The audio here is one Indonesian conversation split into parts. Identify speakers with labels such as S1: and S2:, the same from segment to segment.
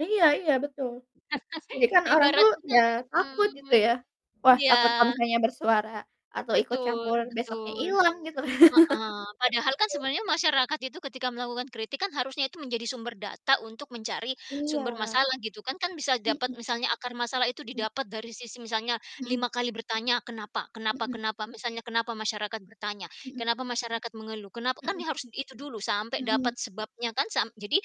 S1: Iya iya, betul. Jadi kan orang tuh,
S2: Ibaratnya
S1: ya takut gitu
S2: mhm,
S1: ya. Wah,
S2: iya.
S1: takut kalau misalnya bersuara atau ikut
S2: Betul
S1: campur besoknya
S2: betul,
S1: ilang, gitu ka
S2: heeh, padahal kan sebenarnya masyarakat itu ketika melakukan kritik kan, harusnya itu menjadi sumber data untuk mencari
S1: Iya,
S2: sumber masalah, gitu kan. Kan bisa
S1: mhm
S2: dapat misalnya akar masalah itu
S1: mhm.
S2: didapat dari sisi misalnya
S1: Mhm.
S2: 5 kali bertanya, kenapa kenapa
S1: Mhm.
S2: kenapa, misalnya kenapa masyarakat bertanya,
S1: Mhm.
S2: kenapa masyarakat mengeluh, kenapa? Kan
S1: Mhm.
S2: nih harus itu dulu, sampai
S1: Mhm.
S2: dapat sebabnya kan, sam jadi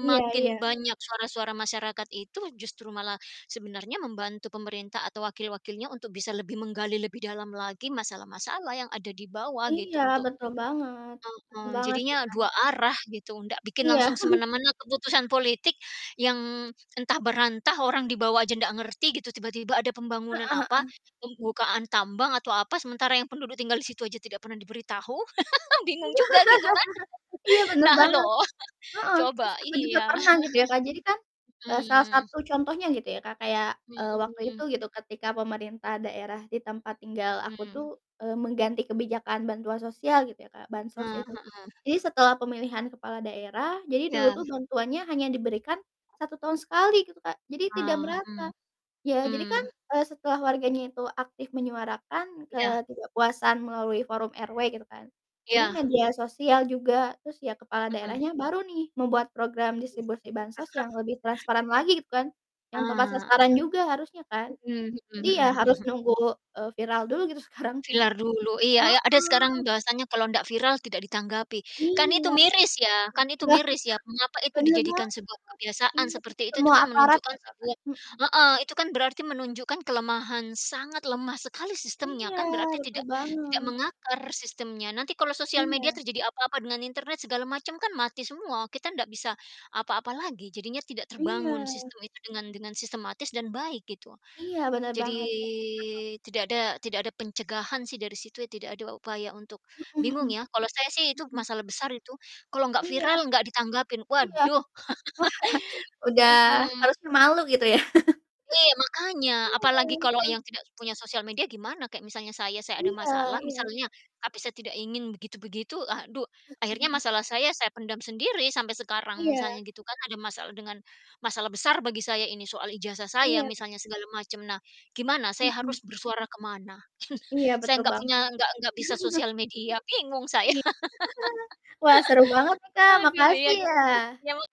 S1: Iya iya.
S2: banyak suara-suara masyarakat itu, justru malah sebenarnya membantu pemerintah atau wakil-wakilnya untuk bisa lebih menggali lebih dalam lagi masalah-masalah yang ada di bawah gitu,
S1: Iya,
S2: untuk
S1: betul banget. Betul
S2: mhm,
S1: banget sih,
S2: jadinya
S1: Kak.
S2: 2 arah gitu, ndak bikin
S1: Iya.
S2: langsung semena-mena keputusan politik yang entah berantah, orang di bawah aja ndak ngerti gitu, tiba-tiba ada pembangunan
S1: Heeh
S2: apa,
S1: heeh.
S2: pembukaan tambang atau apa, sementara yang penduduk tinggal di situ aja tidak pernah diberitahu, bingung juga gitu kan,
S1: Iya, bener
S2: nah
S1: banget,
S2: loh,
S1: heeh, terus
S2: coba,
S1: aku juga
S2: iya.
S1: pernah gitu ya, Kak, jadi kan, eee, salah
S2: Mmm.
S1: satu contohnya gitu ya, Kak, kayak, eee, waktu itu
S2: Mhm.
S1: gitu, ketika pemerintah daerah di tempat tinggal aku
S2: Mmm.
S1: tuh, eee, mengganti kebijakan bantuan sosial gitu ya, Kak,
S2: Eh,
S1: bansos itu,
S2: heeh.
S1: jadi setelah pemilihan kepala daerah jadi dulu
S2: Ya.
S1: tuh bantuannya hanya diberikan 1 tahun sekali, gitu, Kak, jadi tidak
S2: Nah, hmm.
S1: merata. Ya, jadi kan,
S2: Mmm.
S1: eee, setelah warganya itu aktif menyuarakan
S2: Iya.
S1: ketidakpuasan melalui forum RW gitu kan, jadi
S2: Iya.
S1: media sosial juga, terus ya, kepala
S2: Mhm.
S1: daerahnya baru nih, membuat program
S2: Mhm.
S1: distribusi bansos yang lebih transparan lagi, gitu kan,
S2: Ah
S1: yang tepat
S2: hah.
S1: sasaran juga harusnya kan.
S2: Mhm
S1: Jadi
S2: mhm
S1: ya,
S2: mhm
S1: harus
S2: mhm.
S1: nunggu, eee, viral dulu gitu sekarang tuh.
S2: Viral dulu, iya iya, ada sekarang
S1: Heeh.
S2: bahasanya kalau ndak viral, tidak ditanggapi,
S1: Iya.
S2: kan itu
S1: Oh,
S2: miris ya kan itu
S1: iya,
S2: miris ya, mengapa itu
S1: benar
S2: dijadikan
S1: banget,
S2: sebuah kebiasaan
S1: iya,
S2: seperti itu itu
S1: semua
S2: kan
S1: aparat
S2: menunjukkan
S1: merasakan.
S2: sebuah
S1: Mhm.
S2: heeh, itu kan berarti menunjukkan kelemahan, sangat lemah sekali sistemnya
S1: Iya,
S2: kan, berarti
S1: betul
S2: tidak tidak
S1: banget.
S2: mengakar sistemnya. Nanti kalau sosial media
S1: Iya.
S2: terjadi apa-apa dengan internet, segala macam, kan mati semua, kita ndak bisa apa-apa lagi. Jadinya tidak terbangun
S1: Iya.
S2: sistem itu dengan dengan sistematis dan baik, gitu.
S1: Iya, bener
S2: Jadi
S1: banget. [unintelligible]
S2: tidak ada tidak ada pencegahan sih dari situ. Tidak ada upaya untuk
S1: Mhm
S2: bingung
S1: mhm,
S2: ya, kalau saya sih, itu
S1: mhm.
S2: masalah besar itu, kalau gak
S1: Iya,
S2: viral, gak ditanggapin,
S1: iya.
S2: waduh.
S1: Udah
S2: Mhm.
S1: harusnya malu gitu, ya.
S2: Iya, makanya,
S1: Iya,
S2: apalagi kalau
S1: kan.
S2: yang tidak punya sosial media gimana? Kayak misalnya saya, saya ada
S1: Iya
S2: masalah
S1: iya iya.
S2: misalnya, tapi saya tidak ingin begitu-begitu, aduh, akhirnya
S1: Mhm.
S2: masalah saya, saya pendam sendiri sampai sekarang
S1: Iya.
S2: misalnya, gitu kan. Ada masalah dengan masalah besar bagi saya, ini soal ijazah saya
S1: Iya.
S2: misalnya, segala macam, nah, gimana saya
S1: Mhm.
S2: harus bersuara ke mana?
S1: Iya,
S2: Saya
S1: betul
S2: gak
S1: banget.
S2: punya gak gak bisa sosial media, bingung saya.
S1: Iy wah, seru banget nih, Kak,
S2: Aduh, iya,
S1: makasih
S2: deh,
S1: ya.
S2: ya mak